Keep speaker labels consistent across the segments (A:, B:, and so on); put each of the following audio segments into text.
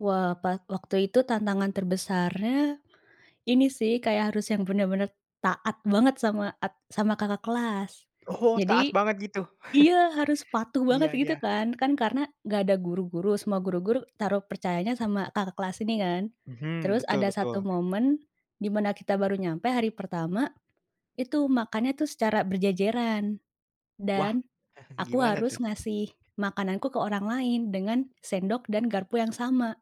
A: Wah, pas waktu itu tantangan terbesarnya, ini sih kayak harus yang benar-benar taat banget sama at sama kakak kelas.
B: Oh, taat
A: Jadi
B: banget gitu.
A: iya, harus patuh banget
B: Iya
A: gitu
B: iya.
A: kan, kan karena nggak ada guru-guru, semua guru-guru taruh percayanya sama kakak kelas ini kan.
B: Mhm,
A: Terus
B: betul
A: ada satu
B: betul.
A: momen di mana kita baru nyampe hari pertama, itu makannya tuh secara berjejeran
B: Wah
A: dan aku
B: gimana
A: harus
B: tuh?
A: ngasih makananku ke orang lain, dengan sendok dan garpu yang sama,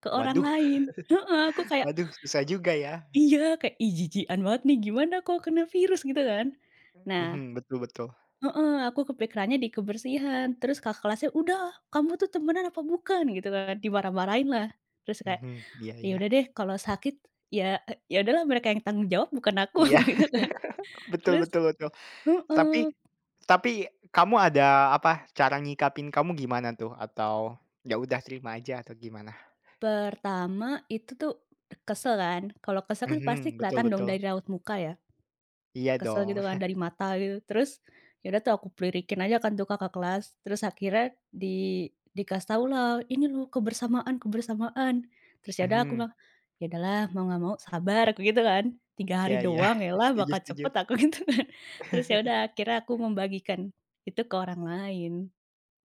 A: ke orang
B: Waduh.
A: lain. Heeh, aku kayak
B: Waduh susah juga ya.
A: iya, kayak, ih jijian banget nih, gimana kalo kena virus, gitu kan.
B: Mhm,
A: Nah
B: betul betul.
A: heeh aku kepikirannya di kebersihan terus kakak kelasnya, "Udah, kamu tuh temenan apa bukan?" Gitu kan, dimarah-marahin lah. Terus kayak,
B: Mhm, iya
A: ya
B: iya.
A: udah deh kalau sakit ya ya udahlah mereka yang tanggung jawab, bukan aku
B: Iya.
A: gitu kan.
B: betul
A: Terus
B: betul betul. Tapi
A: heeh.
B: tapi kamu ada, apa, cara ngikapin kamu gimana tuh? Atau ya udah terima aja atau gimana?
A: Pertama itu tuh kesel kan, kalau kesel kan pasti
B: Mhm, betul
A: kelihatan dong
B: betul.
A: dari raut muka ya.
B: Iya,
A: Kesel
B: dong.
A: gitu kan dari mata, gitu. Terus ya udah tuh aku lirikin aja kan tuh kakak kelas. Terus akhirnya di dikasih tahulah, "Ini loh kebersamaan kebersamaan!" Terus ya udah aku
B: Mhm.
A: mah, "Ya udahlah, mau nggak mau sabar," aku gitu kan. 3
B: Iya
A: hari
B: iya,
A: doang elah
B: setuju
A: bakal
B: setuju.
A: cepet, aku gitu kan. Terus ya udah akhirnya aku membagikan itu ke orang lain.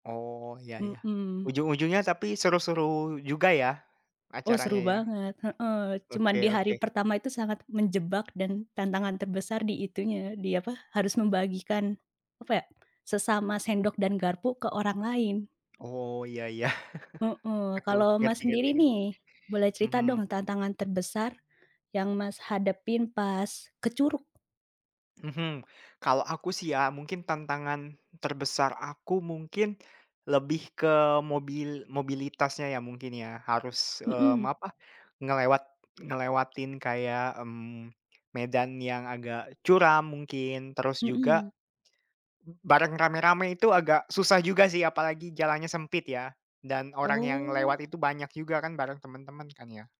B: Oh, ya ya.
A: Mhm.
B: Ujung-ujungnya tapi seru-seru juga ya
A: Oh,
B: acaranya
A: seru
B: ya?
A: banget. Heeh, cuma
B: Oke
A: di hari
B: oke.
A: pertama itu sangat menjebak dan tantangan terbesar di itunya, di apa, harus membagikan, apa ya, sesama sendok dan garpu ke orang lain.
B: Oh, iya iya.
A: Heeh.
B: Aku
A: Kalau
B: ngerti
A: Mas
B: ngerti
A: sendiri
B: ngerti.
A: nih, boleh cerita
B: Mhm.
A: dong tantangan terbesar yang Mas hadapin pas ke Curug?
B: Mhm, kalau aku sih ya, mungkin tantangan terbesar aku mungkin, lebih ke mobil mobilitasnya ya mungkin ya, harus, mmm,
A: Mhm.
B: apa, ngelewat ngelewatin kayak, mmm, medan yang agak curam mungkin, terus juga
A: Mhm.
B: bareng rame-rame itu agak susah juga sih, apalagi jalannya sempit ya, dan orang yang lewat
A: Oh.
B: itu banyak juga kan bareng temen-temen, kan ya.